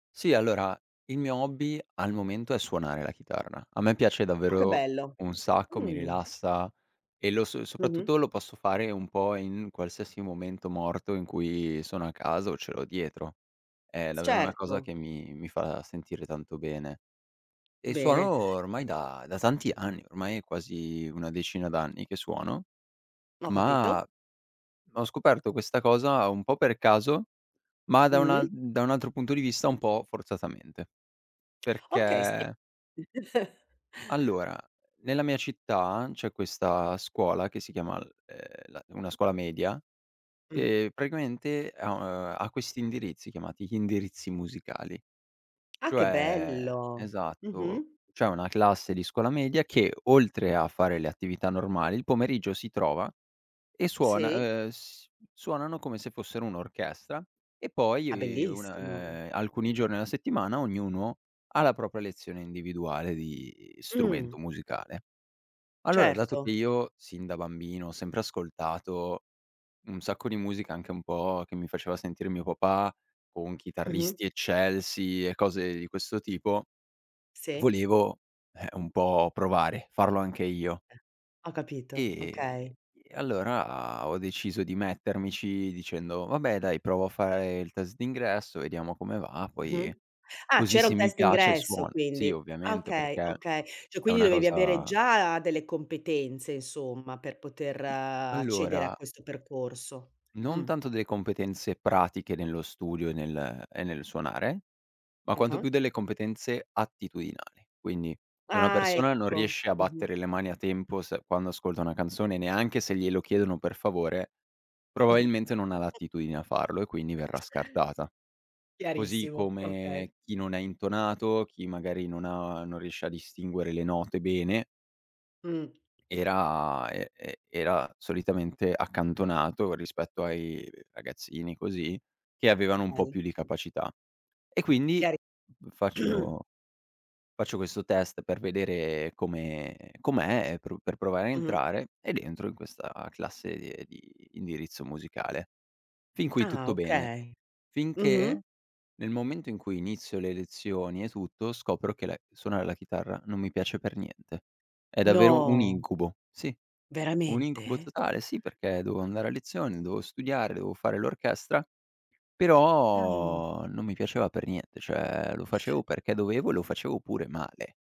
Sì, allora il mio hobby al momento è suonare la chitarra. A me piace Oh che davvero bello, un sacco, mi mh. rilassa e lo so Mh-mh. soprattutto lo posso fare un po' in qualsiasi momento morto in cui sono a casa o ce l'ho dietro. È S davvero una cosa certo. che mi mi fa sentire tanto bene. E suono Bene. ormai da da tanti anni, ormai è quasi una decina d'anni che suono, Ho capito. ma ho scoperto questa cosa un po' per caso, ma da un al Mh-mh. da un altro punto di vista un po' forzatamente. Okay, si Perché Allora, nella mia città c'è questa scuola che si chiama, ehm, la una scuola media, Mh-mh. che praticamente, ehm, ha questi indirizzi, chiamati indirizzi musicali. Ah che Cioè bello! esatto, Mh-mh. cioè una classe di scuola media che oltre a fare le attività normali, il pomeriggio si trova e suona, Sì. ehm, s suonano come se fossero un'orchestra e Ah, poi bellissimo. una, ehm, alcuni giorni alla settimana ognuno ha la propria lezione individuale di Mh. strumento musicale. Allora, dato che Certo. io sin da bambino ho sempre ascoltato un sacco di musica, anche un po' che mi faceva sentire mio papà, con Mh-mh. chitarristi eccelsi e cose di questo tipo, Sì. volevo, eh, un po' provare, farlo anche io. Eh. Ho capito, okay. E allora ho deciso di mettermici dicendo: "Vabbè dai, provo a fare il test d'ingresso, vediamo come va, poi Mh-mh. Ah, così c'era se un mi test piace d'ingresso suono". Sì, quindi. Ah ovviamente okay, perché okay. Cioè è quindi una dovevi avere cosa già delle competenze insomma per poter Mhmm, accedere a allora questo percorso. non Mh. tanto delle competenze pratiche nello studio e nel e nel suonare, ma quanto Ah-ah. più delle competenze attitudinali. Quindi se una Ah persona non ecco. riesce a Mh-mh. battere le mani a tempo se quando ascolta una canzone, neanche se glielo chiedono per favore, Mh-mh. probabilmente non ha l'attitudine a farlo e quindi verrà scartata. Così Chiarissimo, okay. come chi non è intonato, chi magari non ha non riesce a distinguere le note bene Mh. era e e era solitamente accantonato, rispetto ai ragazzini, così, che avevano un po' più di [unintelligible] capacità. E quindi Chiari faccio faccio questo test per vedere come com'è, e pru per provare a Mh-mh. entrare ed entro in questa classe di indirizzo musicale. Fin qui Ah tutto bene, okay. Mh-mh. finché nel momento in cui inizio le lezioni e tutto, scopro che le suonare la chitarra non mi piace per niente. È davvero un No. incubo, sì. Un incubo Veramente? totale, sì perché dovevo andare a lezione, dovevo studiare, dovevo fare l'orchestra, Dai. però non mi piaceva per niente, cioè lo facevo perché dovevo e lo facevo pure male.